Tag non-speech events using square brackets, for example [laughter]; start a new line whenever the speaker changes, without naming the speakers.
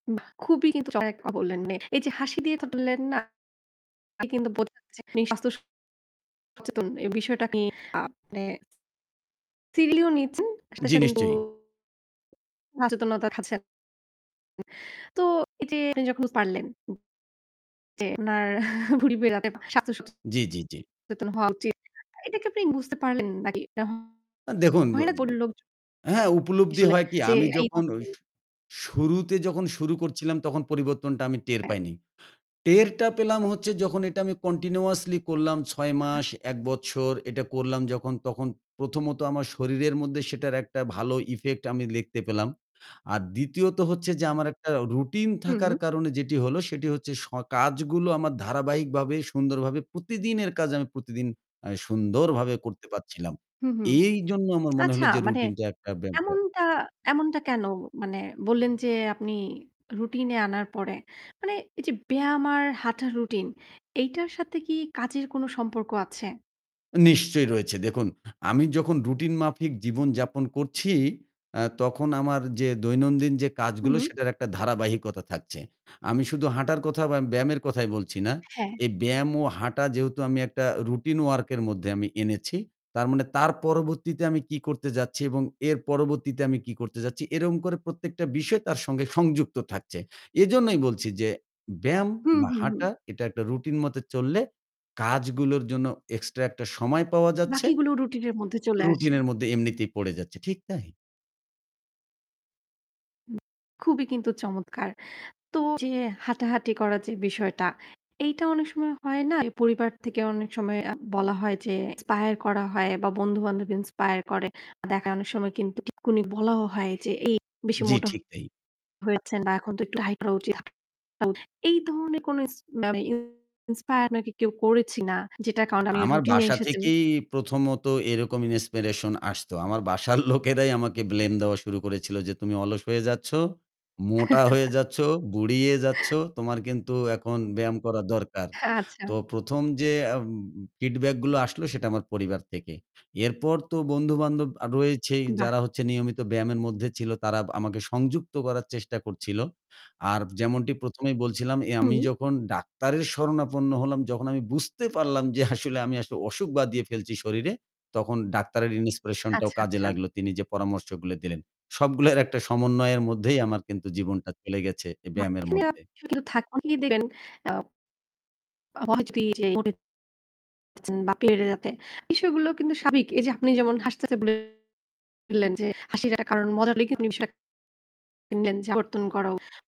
বাহ! খুবই কিন্তু [unintelligible] বললেন, এই যে হাসি দিয়ে ধরলেন না? [unintelligible] এতে কিন্তু বুঝা যাচ্ছে আপনি স্বাস্থ্য সচেতন। এই বিষয়টা কি মানে [unintelligible] নিচ্ছেন, সাথে,
জি,
সাথে কিন্তু
নিশ্চয়ই।
[unintelligible] খাচ্ছে। তো এই আপনি যখন পারলেন। যে উনার [chuckles] ভুঁড়ি বেয়ে রাতে স্বাস্থ্য
জি, জি, জি।
সচেতন হওয়া উচিত। এটা কি আপনি বুঝতে পারলেন নাকি?
আ দেখুন, ব
[unintelligible] বলল লোকজন।
হ্যাঁ উপলব্ধি
আসলে
হয় কি?
যে
আমি
এই
যখন
[unintelligible]
শুরুতে যখন শুরু করছিলাম তখন পরিবর্তনটা আমি টের
হ্যাঁ।
পাইনি। টেরটা পেলাম হচ্ছে যখন এটা আমি কন্টিনিউয়াসলি করলাম ৬
আহা!
মাস, ১ বছর এটা করলাম যখন তখন প্রথমত আমার শরীরের মধ্যে সেটার একটা ভালো effect আমি লিখতে পেলাম। আর দ্বিতীয়ত হচ্ছে যে আমার একটা রুটিন
হুম,
থাকার
হুম।
কারণে যেটি হল সেটি হচ্ছে স কাজগুলো আমার ধারাবাহিকভাবে সুন্দরভাবে প্রতিদিনের কাজ আমি প্রতিদিন অ্যা সুন্দরভাবে করতে পারছিলাম।
হু, হু।
এই জন্য আমার মনে
আচ্ছা
হলো যে
মানে
রুটিনটা একটা ব
এমনটা এমনটা কেন মানে বললেন, যে আপনি রুটিন এ আনার পরে মানে এই যে ব্যায়াম আর হাঁটার রুটিন এইটার সাথে কি কাজের কোনো সম্পর্ক আছে?
নিশ্চয়ই রয়েছে। দেখুন, আমি যখন রুটিন মাফিক জীবনযাপন করছি, আ তখন আমার যে দৈনন্দিন যে
হু,
কাজগুলো
হু।
সেটার একটা ধারাবাহিকতা থাকছে। আমি শুধু হাঁটার কথা বা ব্যায়ামের কথাই বলছি না।
হ্যাঁ।
এই ব্যায়াম ও হাঁটা যেহেতু আমি একটা রুটিন ওয়ার্ক এর মধ্যে আমি এনেছি। তার মানে তার পরবর্তীতে আমি কি করতে যাচ্ছি এবং এর পরবর্তীতে আমি কি করতে যাচ্ছি এরকম করে প্রত্যেকটা বিষয় তার সঙ্গে সংযুক্ত থাকছে। এজন্যই বলছি যে ব্যায়াম
হুম,
বা
হুম, হুম।
হাঁটা এটা একটা রুটিন মত চললে কাজগুলোর জন্য এক্সট্রা একটা সময় পাওয়া যাচ্ছে।
বাকিগুলোও রুটিনের মধ্যে চলে আসে।
রুটিনের মধ্যে এমনিতেই পড়ে যাচ্ছে, ঠিক তাই।
হু, খুবই কিন্তু চমৎকার! তো যে হাঁটাহাঁটি করা যে বিষয়টা, এইটা অনেক সময় হয় না। পরিবার থেকে অনেক সময় আ বলা হয় যে ইন্সপায়ার করা হয় বা বন্ধুবান্ধব ইন্সপায়ার করে। দেখায় অনেক সময় কিন্তু টিটকুনি বলাও হয় যে এই বেশি
জি,
মোটা
ঠিক তাই।
হয়েছেন বা এখন তো একটু ডায়েট করা উচিত। এই ধরনের কোন ইস মানে ইন্সপায়ার আপনাকে কেউ করেছি না। যেটার কারণ আপনি
আমার
রুটিন এ
বাসা
এসেছেন?
থেকেই প্রথমত এরকম ইন্সপিরেশন আসতো। আমার বাসার লোকেরাই আমাকে ব্লেম দেওয়া শুরু করেছিল যে তুমি অলস হয়ে যাচ্ছ, মোটা হয়ে
[chuckles]
যাচ্ছ, বুড়িয়ে যাচ্ছ। তোমার কিন্তু এখন ব্যায়াম করা দরকার।
হ্যাঁ আচ্ছা।
তো ১ম যে অ্যা ফিডব্যাক গুলো আসলো সেটা আমার পরিবার থেকে। এরপর তো বন্ধু-বান্ধব আ রয়েছেই
বাহ!
যারা হচ্ছেন নিয়মিত ব্যায়ামের মধ্যে ছিল। তারা বা আমাকে সংযুক্ত করার চেষ্টা করছিল। আর যেমনটি ১ম এই বলছিলাম এ আমি
হু।
যখন ডাক্তারের শরণাপন্ন হলাম যখন আমি বুঝতে পারলাম যে আসলে আমি অসুখ বাধিয়ে ফেলছি শরীরে। তখন ডাক্তারের ইন্সপিরেশনটাও
আচ্ছা,
কাজে
আচ্ছা।
লাগল। তিনি যে পরামর্শগুলো দিলেন। সবগুলো একটা সমন্বয়ের মধ্যেই আমার জীবনটা চলে গেছে এই ব্যায়ামের
[unintelligible]
মধ্যে।
দেখবেন। আ [unintelligible] বিষয়গুলোও কিন্তু সাবিক। এই যে আপনি যেমন হাসতেছে বললেন, যে হাসির একটা কারণ [unintelligible] পরিবর্তন করা